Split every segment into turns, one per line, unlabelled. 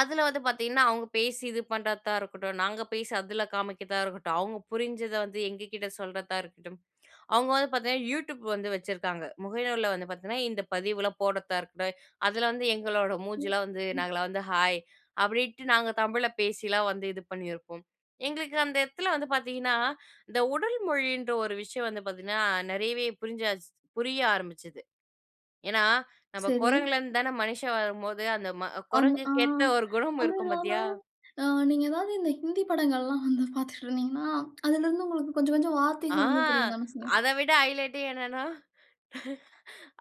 அதுல வந்து பார்த்திங்கன்னா, அவங்க பேசி இது பண்ணுறதா இருக்கட்டும், நாங்க பேசி அதுல காமிக்கிறதா இருக்கட்டும், அவங்க புரிஞ்சத வந்து எங்ககிட்ட சொல்றதா இருக்கட்டும், அவங்க வந்து பார்த்திங்கன்னா, யூடியூப் வந்து வச்சுருக்காங்க. முகநூலுல வந்து பார்த்திங்கன்னா, இந்த பதிவுலாம் போடுறதா இருக்கட்டும், அதுல வந்து எங்களோட மூஞ்சிலா வந்து,
[unintelligible]
நாங்கலாம் வந்து ஹாய் அப்டின்ட்டு நாங்க தமிழ்ல பேசிலாம் வந்து இது பண்ணியிருப்போம். எங்களுக்கு அந்த இடத்துல வந்து பார்த்திங்கன்னா, இந்த உடல் மொழின்ற ஒரு விஷயம் வந்து பார்த்திங்கன்னா நிறையவே புரிஞ்சாச்சு புரிய ஆரம்பிச்சிது. ஏன்னா, நம்ம
சரி.
குரங்குல இருந்து தான மனுஷன் வரும்போது, அந்த ம
ஆமா, ஆ
குரங்குக்கு ஏத்த ஒரு குணம்
அதுவும்
இருக்கும்
இல்லாம,
பாத்தியா!
அ நீங்க ஏதாவது இந்த ஹிந்தி படங்கள்லாம் வந்து பார்த்துட்டு இருந்தீங்கனா, அதிலிருந்து உங்களுக்கு கொஞ்சம் கொஞ்சம்
ஆ,
வார்த்தைகள் வந்து புரியதான செய்யும்.
அதை விட ஹைலைட்டே என்னன்னா,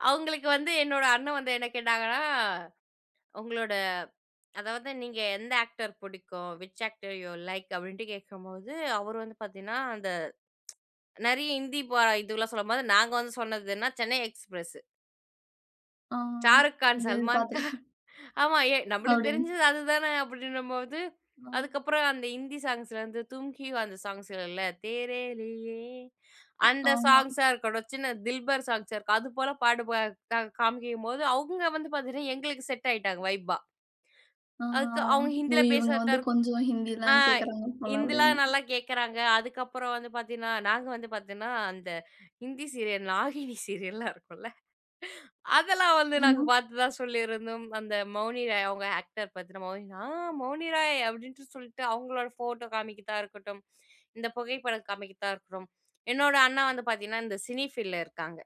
அவங்களுக்கு வந்து என்னோட அண்ணன் வந்து என்ன கேட்டாங்கன்னா, உங்களோட அதாவது நீங்க எந்த ஆக்டர் புடிக்கும்? Which actor you like? அப்படின்ட்டு கேட்கும்போது, அவரு வந்து பாத்திங்கன்னா, அந்த நிறைய ஹிந்தி பா இதுவெல்லாம் சொல்லும்போது, நாங்க வந்து சொன்னது என்னா, "சென்னை எக்ஸ்பிரஸ்".
ஆ,
ஷாருக்கான்,
இந்த இது
சல்மான்கான்.
பாத்திருக்கேன்.
ஆமா எ நம்பளுக்கு
அப்படின்னு.
தெரிஞ்சது அதுதானே! அப்படின்னும்போது,
அ.
அதுக்கப்புறம் அந்த ஹிந்தி சாங்ஸ்ல இருந்து தும்கிவா அந்த சாங்ஸ் [unintelligible] தேரேலியே அந்த
ஆமா.
சாங்ஸ்ஸா இருக்கட்டும், சின்ன தில்பர் சாங்ஸ் இருக்கும், அது போல பாடு ப காமிக்கும்போது, அவுங்க வந்து பாத்தீங்கன்னா, எங்களுக்கு செட் ஆயிட்டாங்க ஃவைபா.
ஆ,
அதுக்கு அவங்க
ஓ,
ஹிந்தில
இவங்க வந்து
பேசுறதரு
கொஞ்சம்
ஆ
ஹிந்தில்லாம் கேட்கிறாங்க போல
ஹிந்திலா
அப்படின்னு.
நல்லா கேட்கறாங்க. அதுக்கப்புறம் வந்து பார்த்திங்கன்னா, நாங்க வந்து பார்த்தீங்கன்னா, அந்த ஹிந்தி சீரியல் நாகினி சீரியல்லாம் இருக்கும்ல, அதெல்லாம் வந்து
ம்
நாங்க
ஆ.
பார்த்ததா சொல்லியிருந்தோம். அந்த மௌனி ராய் அவங்க ஆக்டர் பார்த்தினா, மௌனி ஆ மௌனி ராய்! அப்படின்ட்டு சொல்லிட்டு, அவங்களோட ஃபோட்டோ காமிக்கறதா இருக்கட்டும். இந்த புகைப்படம் காமிக்கறதா இருக்கட்டும். என்னோட அண்ணா வந்து பார்த்திங்கன்னா, இந்த சினிஃபீல்டுல இருக்காங்க.